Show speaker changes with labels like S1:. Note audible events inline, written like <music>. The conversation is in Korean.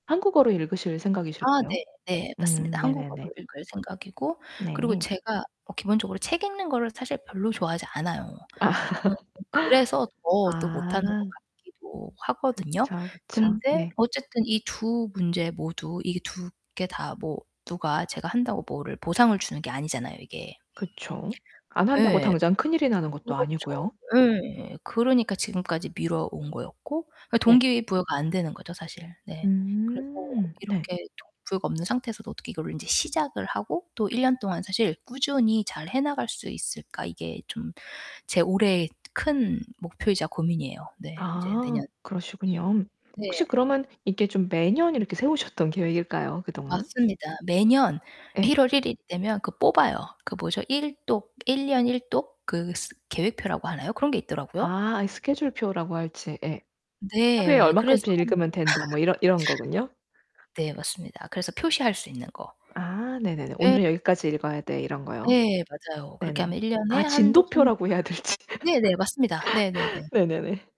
S1: 한국어로 읽으실
S2: 아
S1: 생각이실까요?
S2: 네. 네. 맞습니다.
S1: 음 네네네.
S2: 한국어로 읽을 생각이고 그리고
S1: 네.
S2: 제가 뭐 기본적으로 책 읽는 것을 사실 별로 좋아하지 않아요.
S1: 아.
S2: 어 그래서 더
S1: <laughs>
S2: 또 못 하는 것
S1: 아.
S2: 같기도 하거든요.
S1: 그쵸, 그쵸.
S2: 근데
S1: 네.
S2: 어쨌든 이 2 문제 모두 이게 2 개 다 뭐 누가 제가 한다고 뭐를 보상을 주는 게 아니잖아요, 이게.
S1: 그쵸. 안 한다고
S2: 예.
S1: 당장 큰일이 나는 것도
S2: 그렇죠.
S1: 아니고요.
S2: 예. 그러니까 지금까지 미뤄온 거였고. 그니까
S1: 네.
S2: 동기 부여가 안 되는 거죠 사실. 네. 그래서
S1: 음 네.
S2: '이렇게 동기 부여가 없는 상태에서도 어떻게 이거를 인제 시작을 하고 또 1 년 동안 사실 꾸준히 잘해 나갈 수 있을까.' 이게 좀 제 올해의 큰 목표이자 고민이에요. 네. 이제
S1: 아
S2: 내년.
S1: 그러시군요. 혹시
S2: 네.
S1: 그러면 이게 좀 매년 이렇게 세우셨던 계획일까요? 그동안?
S2: 맞습니다. 매년
S1: 예.
S2: 1 월 1 일 되면 그 뽑아요. 그 뭐죠? 1 독 1 년 1 독 그 스 계획표라고 하나요? 그런 게 있더라고요.
S1: 아 이 스케줄표라고 할지. 예. '하루에
S2: 네. 그래서
S1: 얼만큼씩 읽으면 된다.' 뭐 이런 이런 거군요.
S2: <laughs> 네 맞습니다. 그래서 표시할 수 있는 거.
S1: 아 네네네.
S2: 예.
S1: '오늘은 여기까지 읽어야 돼.' 이런 거요.
S2: 네 맞아요. 그렇게
S1: 네네.
S2: 하면 1 년에
S1: 아
S2: 한 독 한
S1: 진도표라고 해야 될지.
S2: 네네. 맞습니다. 네네네.
S1: <laughs> 네네네.